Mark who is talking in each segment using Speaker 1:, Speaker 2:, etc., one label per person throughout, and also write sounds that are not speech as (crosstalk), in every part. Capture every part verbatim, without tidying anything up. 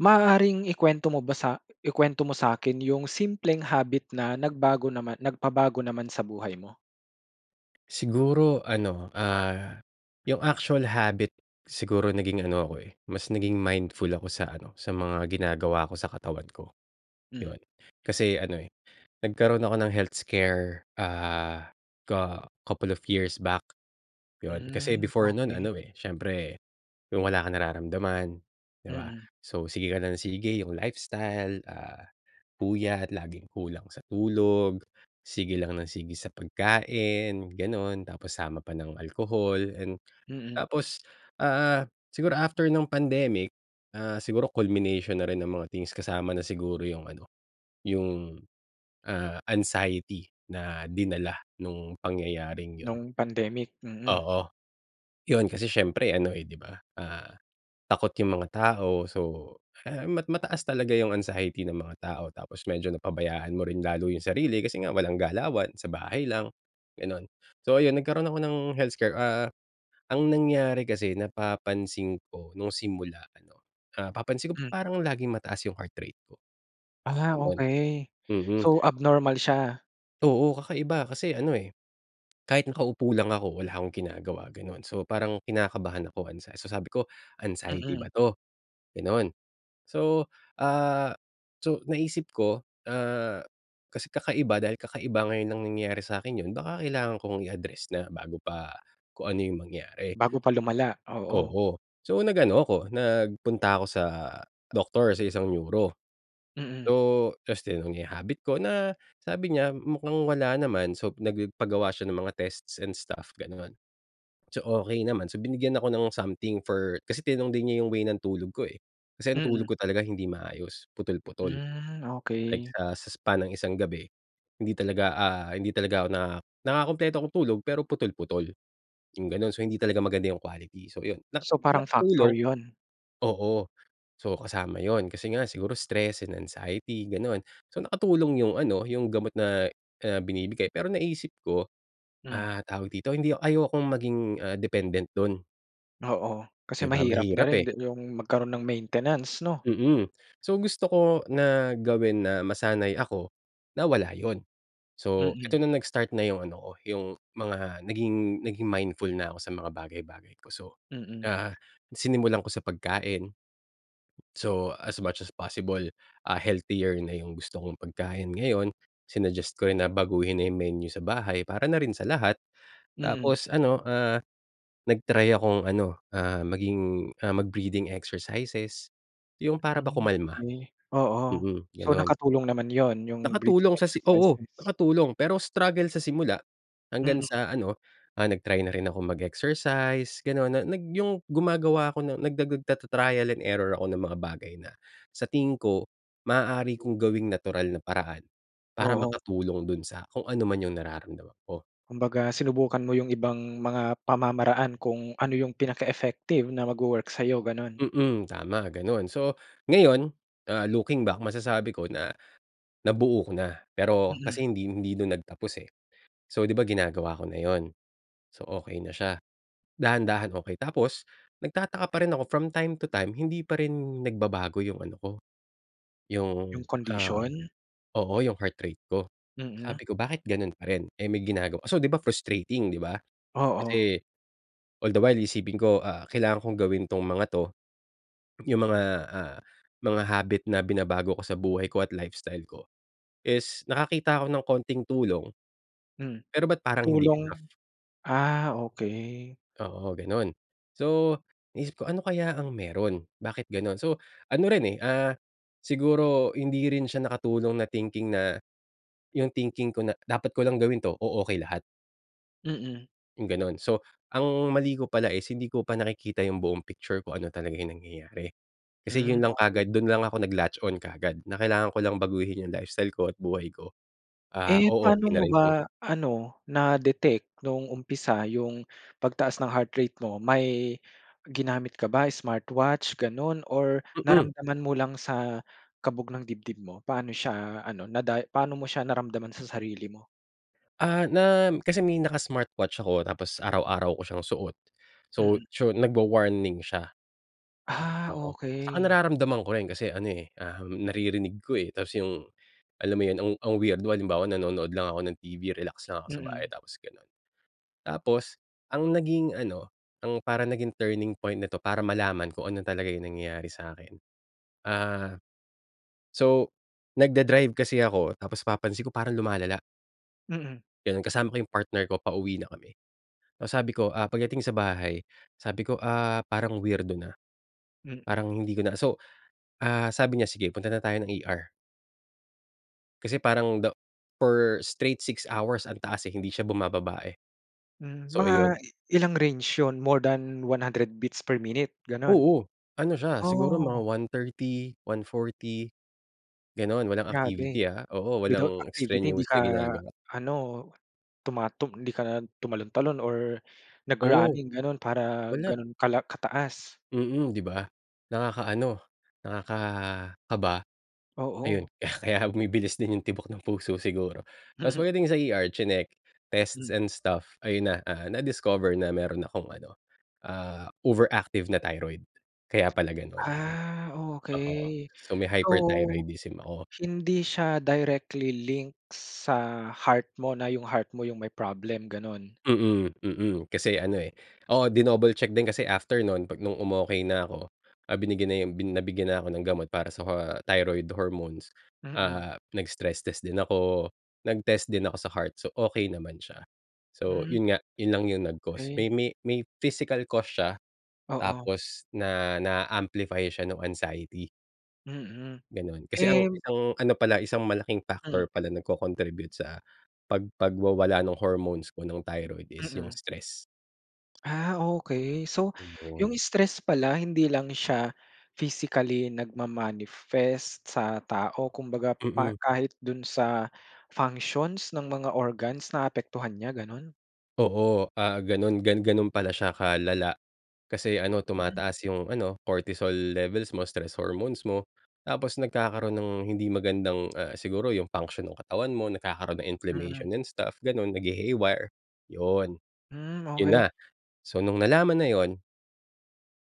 Speaker 1: Maaaring ikuwento mo ba sa ikuwento mo sa'kin yung simpleng habit na nagbago naman nagpabago naman sa buhay mo?
Speaker 2: Siguro ano, ah, yung actual habit siguro naging ano ako, eh, mas naging mindful ako sa ano, sa mga ginagawa ko sa katawan ko,
Speaker 1: Hmm.
Speaker 2: yun. Kasi ano, eh, nagkaroon ako ng health scare, ah, co couple of years back, 'yon. Kasi
Speaker 1: Hmm.
Speaker 2: before nun
Speaker 1: Okey.
Speaker 2: ano, eh, siyempre yung wala kang nararamdaman, 'di ba.
Speaker 1: Mm.
Speaker 2: So, sige ka lang ng sige yung lifestyle, ah, puyat, laging kulang sa tulog, sige lang ng sige sa pagkain, ganon tapos sama pa ng alcohol and
Speaker 1: Mm.
Speaker 2: tapos, ah, siguro after nung pandemic, ah, siguro culmination na rin ng mga things kasama na siguro yung ano, yung, ah, anxiety na dinala nung pangyayaring 'yon.
Speaker 1: Nung pandemic? Mm.
Speaker 2: Oo. Yun kasi siyempre ano, eh, di ba, ah, takot yung mga tao so (unintelligible) mat mataas talaga yung anxiety ng mga tao tapos medyo napabayaan mo rin lalo yung sarili kasi nga walang galawan, sa bahay lang, gano'n. So ayun nagkaroon ako ng health scare. Ah, ang nangyari kasi napapansin ko nung simula ano, ah, napapansin ko, "Ba't
Speaker 1: Hmm.
Speaker 2: parang laging mataas yung heart rate ko?"
Speaker 1: Ah,
Speaker 2: Gano'n.
Speaker 1: okey.
Speaker 2: Mhm.
Speaker 1: So, abnormal siya.
Speaker 2: Oo, kakaiba kasi ano eh, kahit nakaupo lang ako, wala akong ginagawa gano'n. So parang kinakabahan ako, anxie so sabi ko, "Anxiety
Speaker 1: Mm.
Speaker 2: ba 'to?" Ganun. So, ah, so naisip ko, ah, kasi kakaiba dahil kakaiba ngayon lang nangyari sa'kin yun baka kailangan kong i-address na bago pa kung ano yung mangyari.
Speaker 1: Bago pa lumala, oo.
Speaker 2: Oo. So, nag-ano ako, nagpunta ako sa doctor, sa isang neuro.
Speaker 1: Mm.
Speaker 2: So tapos tinanong niya yung habit ko na sabi niya mukhang wala naman. So nagpagawa siya ng mga tests and stuff gano'n. So okey naman, so binigyan ako ng something for kasi tinanong din niya yung way ng tulog ko eh. Kasi ang
Speaker 1: Mm.
Speaker 2: tulog ko talaga hindi maayos, putol-putol.
Speaker 1: Hmm,
Speaker 2: Like
Speaker 1: okey.
Speaker 2: sa sa span ng isang gabi, hindi talaga, ah, hindi talaga ako naka nakakakumpleto ako ng tulog, pero putol putol. Yung ganun. So, hindi talaga maganda yung quality. So ayun na
Speaker 1: So, parang factor
Speaker 2: nakatulong.
Speaker 1: yun?
Speaker 2: Oo, so kasama yun kasi nga siguro stress and anxiety gano'n. So nakatulong yung ano, yung gamot na, ah, binibigay. Pero naisip ko,
Speaker 1: Hmm.
Speaker 2: ah, tawag dito hindi ayokong maging, ah, dependent do'n.
Speaker 1: Oo,
Speaker 2: 'Di
Speaker 1: kasi
Speaker 2: ba
Speaker 1: mahirap na
Speaker 2: mahirap
Speaker 1: rin
Speaker 2: eh.
Speaker 1: di yung magkaroon ng maintenance, 'no?
Speaker 2: Mm. So, gusto ko na gawin na masanay ako na wala yun. So, eto
Speaker 1: Mm.
Speaker 2: na, nag-start na yung ano ko, yung mga naging naging mindful na ako sa mga bagay-bagay ko. So,
Speaker 1: Mm.
Speaker 2: ah, sinimulan ko sa pagkain. So, as much as possible, ah, healthier na yung gusto kong pagkain ngayon. Sinuggest ko rin na baguhin na yung menu sa bahay para na rin sa lahat.
Speaker 1: Mm.
Speaker 2: Tapos ano, ah, nag-try akong ano, ah, maging mag-breathing exercises, yung para ba kumalma?
Speaker 1: Mm. Oo.
Speaker 2: Mm,
Speaker 1: So,
Speaker 2: ganun.
Speaker 1: nakatulong naman yon, yung breathing
Speaker 2: Nakatulong sa si oo,
Speaker 1: exercises?
Speaker 2: nakatulong pero struggle sa simula hanggang
Speaker 1: Mm.
Speaker 2: sa ano, ah, nag-try na rin akong mag-exercise, ganun, na nag yung gumagawa ako ng nagdagud tata-trial and error ako ng mga bagay na sa tingin ko maaari kong gawing natural na paraan para
Speaker 1: Oo.
Speaker 2: makatulong dun sa kung ano man yung nararamdaman ko.
Speaker 1: Kumbaga sinubukan mo yung ibang mga pamamaraan kung ano yung pinaka-effective na magwo-work sa'yo, ganun.
Speaker 2: Mm, tama ganun. So ngayon, ah, looking back, masasabi ko na nabuo ko na pero
Speaker 1: Mm.
Speaker 2: kasi hindi hindi na nagtapos eh. So, 'di ba ginagawa ko na 'yon. So, okey na siya, dahan-dahan okey. Tapos, nagtataka pa rin ako from time to time hindi pa rin nagbabago yung ano ko, yung,
Speaker 1: Yung
Speaker 2: ah,
Speaker 1: kondisyon?
Speaker 2: oo, yung heart rate ko.
Speaker 1: Mm.
Speaker 2: Sabi ko, "Bakit ganun pa rin eh may ginagawa." So, di ba frustrating, di ba?
Speaker 1: Oo.
Speaker 2: Kasi, all the while isipin ko, ah, kailangan kong gawin 'tong mga 'to. Yung mga, ah, mga habit na binabago ko sa buhay ko at lifestyle ko is nakakita ako ng konting tulong.
Speaker 1: Mm,
Speaker 2: Pero ba't parang hindi
Speaker 1: tulong
Speaker 2: enough.
Speaker 1: Ah, okey.
Speaker 2: Oo, ganun. So, inisip ko, ano kaya ang meron. Bakit ganun. So, ano rin eh, ah, siguro hindi rin siya nakatulong na thinking na yung thinking ko na, "Dapat ko lang gawin 'to, o-okey lahat."
Speaker 1: Mm.
Speaker 2: Yung gano'n. So, ang mali ko pala is hindi ko pa nakikita yung buong picture kung ano talaga yung nangyayari. Kasi yun
Speaker 1: Hmm,
Speaker 2: lang
Speaker 1: okey.
Speaker 2: kaagad, dun lang ako nag latch on kaagad, na kailangan ko lang baguhin yung lifestyle ko at buhay ko. Ah,
Speaker 1: Eh,
Speaker 2: oo,
Speaker 1: pa'no
Speaker 2: okey na
Speaker 1: mo
Speaker 2: rin kung
Speaker 1: ba ano, na-detect no'ng umpisa yung pagtaas ng heart rate mo? May ginamit ka ba, smartwatch, gano'n, or
Speaker 2: Mm.
Speaker 1: naramdaman mo lang sa kabog ng dibdib mo? Paano siya ano, naday paano mo siya naramdaman sa sarili mo?
Speaker 2: Ah, na kasi may naka-smartwatch ako tapos araw-araw ko siyang suot. So
Speaker 1: Mm.
Speaker 2: tso nagwa-warning siya.
Speaker 1: Ah,
Speaker 2: Oo, tsaka
Speaker 1: okey.
Speaker 2: nararamdaman ko rin, kasi ano, eh, um, naririnig ko, eh, tapos yung, alam mo 'yon, ang ang weirdo, halimbawa nanonood lang ako ng TV, relax lang ako sa bahay,
Speaker 1: Mm.
Speaker 2: tapos gano'n. Tapos ang naging ano ang parang naging turning point nito para malaman kung ano talaga yung nangyayari sa'kin, ah so nagda-drive kasi ako tapos napapansin ko parang lumalala.
Speaker 1: Mm.
Speaker 2: Ganun, kasama ko yung partner ko, pauwi na kami. Tapos sabi ko, ah, pagdating sa bahay, sabi ko, "Ah, parang weirdo na,
Speaker 1: Mm.
Speaker 2: parang hindi ko na" So, ah, sabi niya, "Sige punta na tayo ng ER." Kasi parang the for straight six hours ang taas, eh, hindi siya bumababa eh.
Speaker 1: Mm,
Speaker 2: So,
Speaker 1: mga
Speaker 2: iyon.
Speaker 1: ilang range yun, more than one hundred beats per minute ganun?
Speaker 2: Oo, ano siya, siguro mga
Speaker 1: Oh.
Speaker 2: one thirty, one forty. Ganon, walang
Speaker 1: Grabe,
Speaker 2: activity ah, oo,
Speaker 1: without
Speaker 2: walang
Speaker 1: activity hindi
Speaker 2: extraneous
Speaker 1: ka
Speaker 2: na ginagawa.
Speaker 1: ano, tumatum hindi ka tumalon-talon or
Speaker 2: Oo.
Speaker 1: nag-running ganun, para
Speaker 2: Wala.
Speaker 1: ganun kala kataas.
Speaker 2: Mm, 'di ba, nakakaano, nakakaba. Ayun,
Speaker 1: Oo.
Speaker 2: (chuckles) kaya bumibilis din yung tibok ng puso siguro, tapos pwedeng sa ER tsinek, tests
Speaker 1: Mm.
Speaker 2: and stuff. Ayun na, ah, na discover na meron akong ano, ah, overactive na thyroid kaya pala ganun.
Speaker 1: Ah,
Speaker 2: Oo,
Speaker 1: okey.
Speaker 2: so may
Speaker 1: So,
Speaker 2: hyperthyroidism ako.
Speaker 1: hindi siya directly link sa heart mo, na yung heart mo yung may problem, ganun?
Speaker 2: Mm, mm, kasi ano eh, oo dinouble check din kasi after no'n, pag nung umokey na ako, ah, binigyan na yung bin nabigyan na ako ng gamot para sa thyroid hormones.
Speaker 1: Mm.
Speaker 2: Ah, nag-stress test din ako nag-test din ako sa heart, so okey naman siya. So,
Speaker 1: Mm.
Speaker 2: yun nga, yun lang yung nag cause, may
Speaker 1: Okey.
Speaker 2: may may physical cause siya,
Speaker 1: Oo.
Speaker 2: tapos na na amplify siya nung anxiety.
Speaker 1: Mm,
Speaker 2: 'Ganon, kasi ang
Speaker 1: eh
Speaker 2: isang ano pala isang malaking
Speaker 1: Hmm.
Speaker 2: factor pala nagko-contribute sa, pag pagwawala ng hormones ko nung thyroid is yung
Speaker 1: Mm.
Speaker 2: stress.
Speaker 1: Ah, okey. So, yung
Speaker 2: Ayun.
Speaker 1: stress pala hindi lang siya physically nagma-manifest sa tao kumbaga pa
Speaker 2: Mm.
Speaker 1: kahit dun sa functions ng mga organs naapektuhan niya, ganun?
Speaker 2: Oo, ah, 'ganon gan 'ganon pala siya kalala, kasi ano
Speaker 1: Mm.
Speaker 2: tumataas yung ano, cortisol levels mo, stress hormones mo, tapos nagkakaroon ng hindi magandang ah, siguro yung function ng katawan mo nagkakaroon ng
Speaker 1: Mm.
Speaker 2: inflammation and stuff gano'n naghi-haywire, 'yon.
Speaker 1: Hmm,
Speaker 2: 'Yon
Speaker 1: okey.
Speaker 2: na, so nung nalaman na 'yon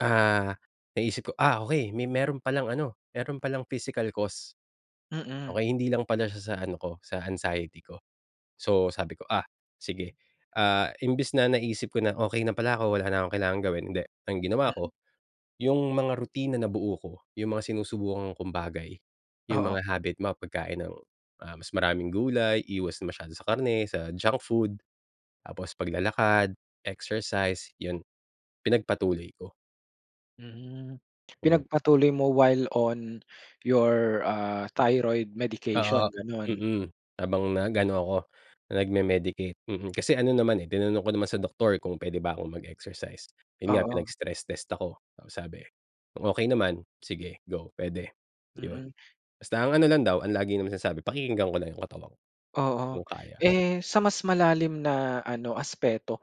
Speaker 2: Ah, naisip ko ah, okey. May meron palang ano, meron palang physical cause,
Speaker 1: Mm.
Speaker 2: okey, hindi lang pala siya sa ano ko, sa anxiety ko. So sabi ko, "Ah, sige." Ah, imbes na naisip ko na, okey na pala ako, wala na akong kailangan gawin, hindi. Ang ginawa
Speaker 1: Mm.
Speaker 2: ko, yung mga rutina nabuo ko, yung mga sinusubukan kong bagay, yung
Speaker 1: Oo.
Speaker 2: mga habit mga pagkain ng, ah, mas maraming gulay, iwas na masyado sa karne, sa junk food, tapos paglalakad, exercise, 'yon pinagpatuloy ko.
Speaker 1: Mm.
Speaker 2: Oh.
Speaker 1: Pinagpatuloy mo while on your ah, thyroid medication
Speaker 2: Oo.
Speaker 1: ganun.
Speaker 2: Mm. Habang nag-ano ako, nagme-medicate. Mm, kasi ano naman eh, tinanong ko naman sa doktor kung puwede ba akong mag-exercise. 'Yon nga
Speaker 1: Oo.
Speaker 2: pinag-stress test ako. Ang sabi kung okey naman, sige go puwede ,'yon.
Speaker 1: Mm.
Speaker 2: Basta ang ano lang daw ang lagi na masasabi pakikinggan ko lang 'yong katawan, kung
Speaker 1: Oo.
Speaker 2: kaya.
Speaker 1: Eh, sa mas malalim na ano aspeto.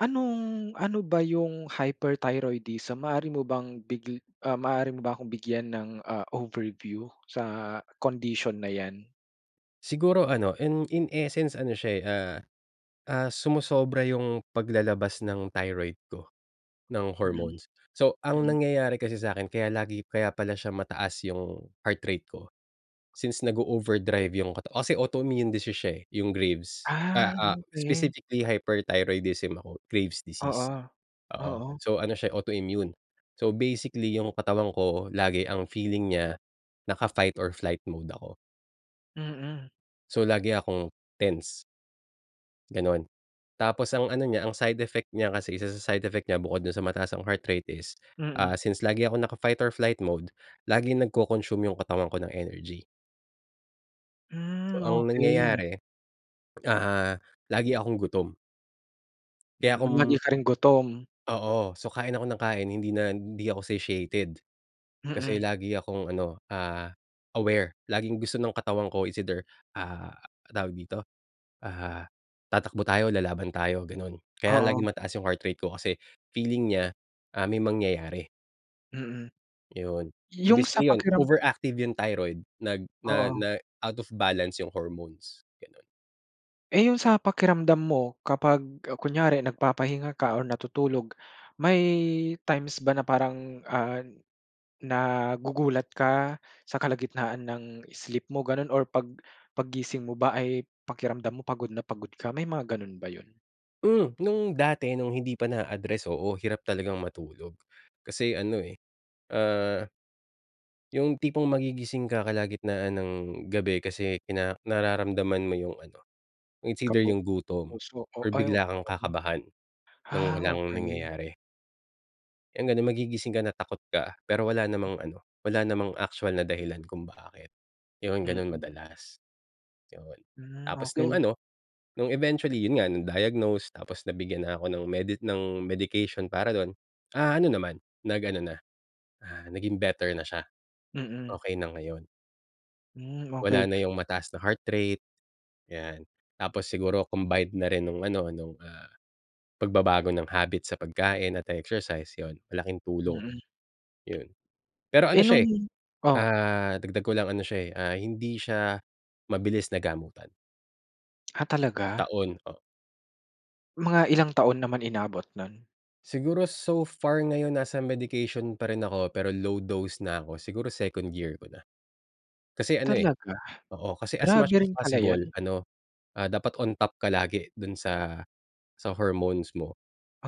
Speaker 1: Anong, ano ba 'yong hyperthyroidism maaari mo bang big maaari mo ba akong bigyan ng, ah, overview sa condition na 'yan?
Speaker 2: Siguro ano in in essence ano siya eh ah, ah sumosobra yung paglalabas ng thyroid ko, ng
Speaker 1: Mm.
Speaker 2: hormones. So ang
Speaker 1: Mm.
Speaker 2: nangyayari kasi sa'kin kaya lagi kaya pala siya mataas yung, heart rate ko. Since nago-overdrive yung kata osi autoimmune disease, siya eh, yung graves. Ah,
Speaker 1: Ah,
Speaker 2: ah
Speaker 1: okey.
Speaker 2: specifically hyperthyroidism ako graves
Speaker 1: Oo,
Speaker 2: disease. Oo,
Speaker 1: oo.
Speaker 2: so ano siya autoimmune. So basically yung katawan ko lagi ang feeling niya, naka-fight or flight mode ako.
Speaker 1: Mm.
Speaker 2: So, lagi akong tense. Ganon. Tapos ang ano niya, ang side effect niya kasi isa sa side effect nya bukod dun sa mataas ang heart rate is, ah,
Speaker 1: Mm.
Speaker 2: since lagi akong naka-fight or flight mode, laging nagko-consume yung katawan ko ng energy. So,
Speaker 1: Hmm,
Speaker 2: ang
Speaker 1: okey.
Speaker 2: nangyayari, ah, lagi akong gutom. Kaya
Speaker 1: Mm. Lagi
Speaker 2: kung
Speaker 1: ka ring gutom.
Speaker 2: Oo. So, kain ako ng kain, hindi na hindi ako satiated. Kasi
Speaker 1: Mm.
Speaker 2: lagi akong ano, ah, aware. Laging gusto ng katawan ko it's either, ah, tawag dito? Ah, tatakbo tayo, lalaban tayo, gano'n. Kaya
Speaker 1: Oo.
Speaker 2: laging mataas yung heart rate ko kasi feeling nya, ah, may mangyayari.
Speaker 1: Mm.
Speaker 2: 'Yon. So
Speaker 1: Yung sa
Speaker 2: basically 'yon,
Speaker 1: pakiram
Speaker 2: overactive yung thyroid nag na
Speaker 1: Oo.
Speaker 2: na out of balance yung hormones, gano'n.
Speaker 1: Eh, yung sa pakiramdam mo kapag, ah, kunyari nagpapahinga ka or natutulog, may times ba na parang, ah, nagugulat ka sa kalagitnaan ng sleep mo gano'n or pag paggising mo ba ay pakiramdam mo pagod na pagod ka? May mga ganun ba yun?
Speaker 2: Hmm nung dati nung hindi pa naa-address, oo. Hirap talagang matulog kasi ano eh, ah, yung tipong magigising ka kalagitnaan ng gabi kasi kina nararamdaman mo yung ano, it's either
Speaker 1: Kabu
Speaker 2: yung gutom
Speaker 1: puso
Speaker 2: or bigla kang
Speaker 1: (unintelligible)
Speaker 2: kakabahan ng
Speaker 1: Ah
Speaker 2: walang
Speaker 1: okey.
Speaker 2: nangyayari. Yun nga na magigising ka na takot ka pero wala namang ano, wala namang actual na dahilan kung bakit. Yun ganun
Speaker 1: Mm.
Speaker 2: madalas, yun.
Speaker 1: Hmm,
Speaker 2: Tapos, nung
Speaker 1: okey.
Speaker 2: ano nung eventually, yun nga na-diagnose tapos nabigyan na ako ng medi ng medication para dun. Ah ano naman nag-ano na, ah, naging better na siya,
Speaker 1: Mm.
Speaker 2: okey na ngayon.
Speaker 1: Hmm,
Speaker 2: Wala
Speaker 1: okey.
Speaker 2: na yung mataas na heart rate, 'yan. Tapos siguro combined na rin nung ano, nung ah, pagbabago ng habit sa pagkain at ah, exercise yon, malaking tulong,
Speaker 1: Mm.
Speaker 2: yon. Pero
Speaker 1: Eh
Speaker 2: ano siya eh,
Speaker 1: nung, oh?
Speaker 2: ah dagdag ko lang ano siya eh, hindi siya mabilis na gamutan.
Speaker 1: Ah, talaga?
Speaker 2: Taon, oo.
Speaker 1: Mga ilang taon naman inabot nun?
Speaker 2: Siguro, so far ngayon nasa medication pa rin ako. Pero low dose na ako. Siguro, second year ko na. Kasi ano, eh
Speaker 1: Talaga?
Speaker 2: Oo, kasi as
Speaker 1: Grabe
Speaker 2: much as
Speaker 1: rin pala
Speaker 2: possible
Speaker 1: yan.
Speaker 2: ano, ah, dapat on top ka lagi dun sa sa hormones mo.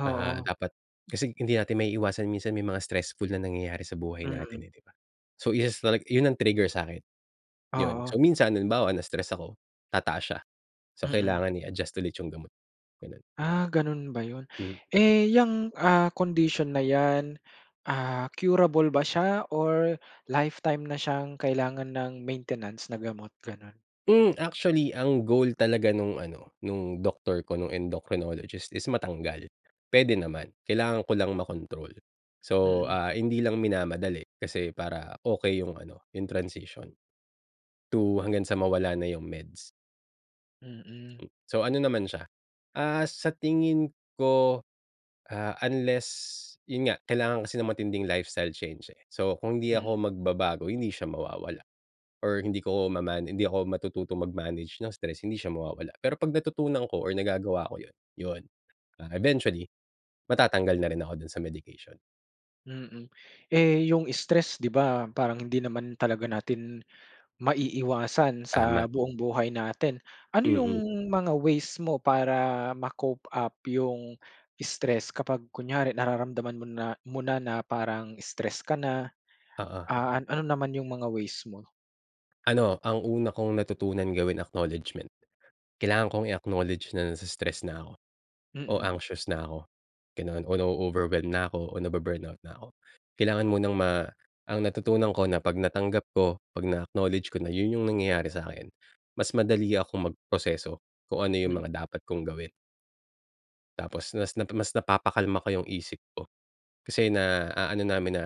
Speaker 2: Ah, dapat Kasi hindi natin maiiwasan minsan may mga stressful na nangyayari sa buhay
Speaker 1: Mm.
Speaker 2: natin, eh, 'di ba? So, isa sa tala yun ang trigger sa'kin, yun.
Speaker 1: Oo.
Speaker 2: So, minsan halimbawa, na-stress ako, tataas siya! So,
Speaker 1: Mm.
Speaker 2: kailangan i-adjust ulit yung gamot, ganun.
Speaker 1: Ah, gano'n ba 'yon?
Speaker 2: Hmm.
Speaker 1: Eh, 'yang ah, condition na 'yan, ah, curable ba siya? Or lifetime na siyang kailangan ng maintenance na gamot, gano'n.
Speaker 2: Hmm, actually, ang goal talaga nung ano, nung doctor ko, nung endocrinologist, is matanggal pwede naman. Kailangan ko lang makontrol. So,
Speaker 1: Mm.
Speaker 2: ah, hindi lang minamadali kasi para okey yung ano, yung transition to hanggang sa mawala na yung meds.
Speaker 1: Mm.
Speaker 2: Mm, so ano naman siya Ah, sa tingin ko, ah, unless yun nga, kailangan kasi ng matinding lifestyle change, eh. So kung hindi
Speaker 1: Hmm.
Speaker 2: ako magbabago, hindi siya mawawala, or hindi ko maman hindi ako matututo mag-manage ng stress, hindi siya mawawala. Pero, 'pag natutunan ko or nagagawa ko 'yon, yon, ah eventually, matatanggal na rin ako dun sa medication.
Speaker 1: Mm, eh, yung stress di ba, parang hindi naman talaga natin maiiwasan
Speaker 2: Tama.
Speaker 1: sa buong buhay natin. Ano yung
Speaker 2: Mm.
Speaker 1: mga ways mo para ma-cope up yung stress kapag kunyari nararamdaman mo na mo na parang stress ka na,
Speaker 2: Oo.
Speaker 1: ah, ano naman yung mga ways mo?
Speaker 2: Ano, ang una kong natutunan gawin, acknowledgement. Kailangan kong i-acknowledge na nai-stress na ako o
Speaker 1: Mm.
Speaker 2: anxious na ako, ganoon o na-overwhelm na ako o nabu-burnout na ako. Kailangan munang ma ang natutunan ko na 'pag natanggap ko, 'pag na-acknowledge ko na, yun yung nangyayari sa akin. Mas madali akong magproseso kung ano yung
Speaker 1: Mm.
Speaker 2: mga dapat kong gawin. Tapos nas na mas napapakalma ko yung isip ko. Kasi na aano namin na,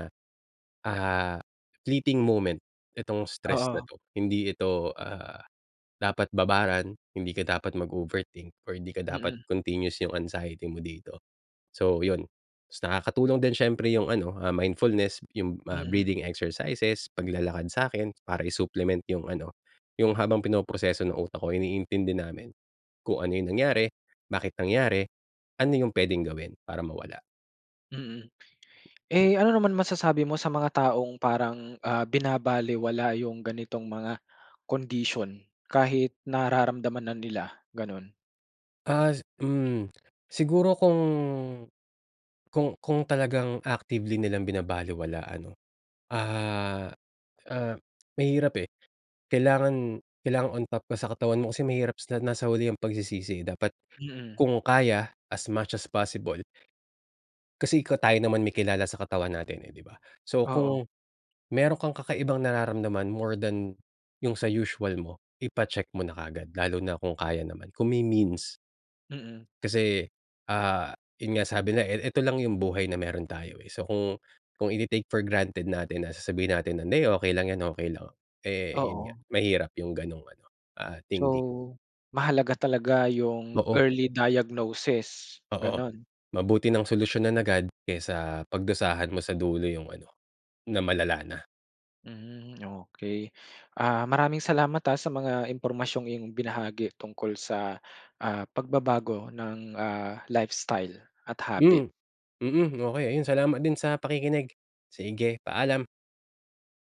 Speaker 2: ah, fleeting moment itong stress na
Speaker 1: Oo.
Speaker 2: 'to. Hindi ito, ah, dapat babaran, hindi ka dapat mag-overthink or hindi ka dapat
Speaker 1: Mm.
Speaker 2: continuous yung anxiety mo dito. So, yun tapos nakakatulong din siyempre yung ano, ah, mindfulness, yung, ah,
Speaker 1: Mm.
Speaker 2: breathing exercises, paglalakad sa akin para i-supplement yung ano, yung habang pinoproseso ng utak ko, iniintindi namin kung ano yung nangyari, bakit nangyari, ano yung pwedeng gawin para mawala.
Speaker 1: Mm. Eh, ano naman masasabi mo sa mga taong parang, ah, binabalewala yung ganitong mga condition, kahit nararamdaman na nila, gano'n?
Speaker 2: As hmm. Siguro kung kung kung talagang actively nilang binabalewala ano, ah, ah, mahirap eh. Kailangan kailangan on top ka sa katawan mo kasi mahirap sa nasa huli ang pagsisisi eh. Dapat
Speaker 1: Mm.
Speaker 2: kung kaya, as much as possible. Kasi ikaw tayo naman may kilala sa katawan natin eh, 'di ba. So,
Speaker 1: Oo.
Speaker 2: kung meron kang kakaibang nararamdaman more than yung sa usual mo, ipa-check mo na kaagad. Lalo na kung kaya naman, kung may means.
Speaker 1: Mm.
Speaker 2: Kasi, ah, yun nga sabi nila e e eto lang yung buhay na meron tayo, eh. So, kung kung ite-take for granted natin na sasabihin natin na, "Hindi okey lang yan, okey lang." Eh, yun nga,
Speaker 1: Oo.
Speaker 2: mahirap yung gano'ng ano, ah, thinking.
Speaker 1: So, mahalaga talaga yung
Speaker 2: Oo.
Speaker 1: early diagnosis,
Speaker 2: Oo.
Speaker 1: gano'n.
Speaker 2: Mabuti nang solusyon agad, kaysa pagdusahan mo sa dulo yung ano na malala na.
Speaker 1: Hmm, okey. Ah, maraming salamat ah, sa mga impormasyong iyong binahagi tungkol sa, ah, pagbabago ng, ah, lifestyle at habit.
Speaker 2: Hmm. Mm, okey. Ayun, salamat din sa pakikinig. Sige, paalam.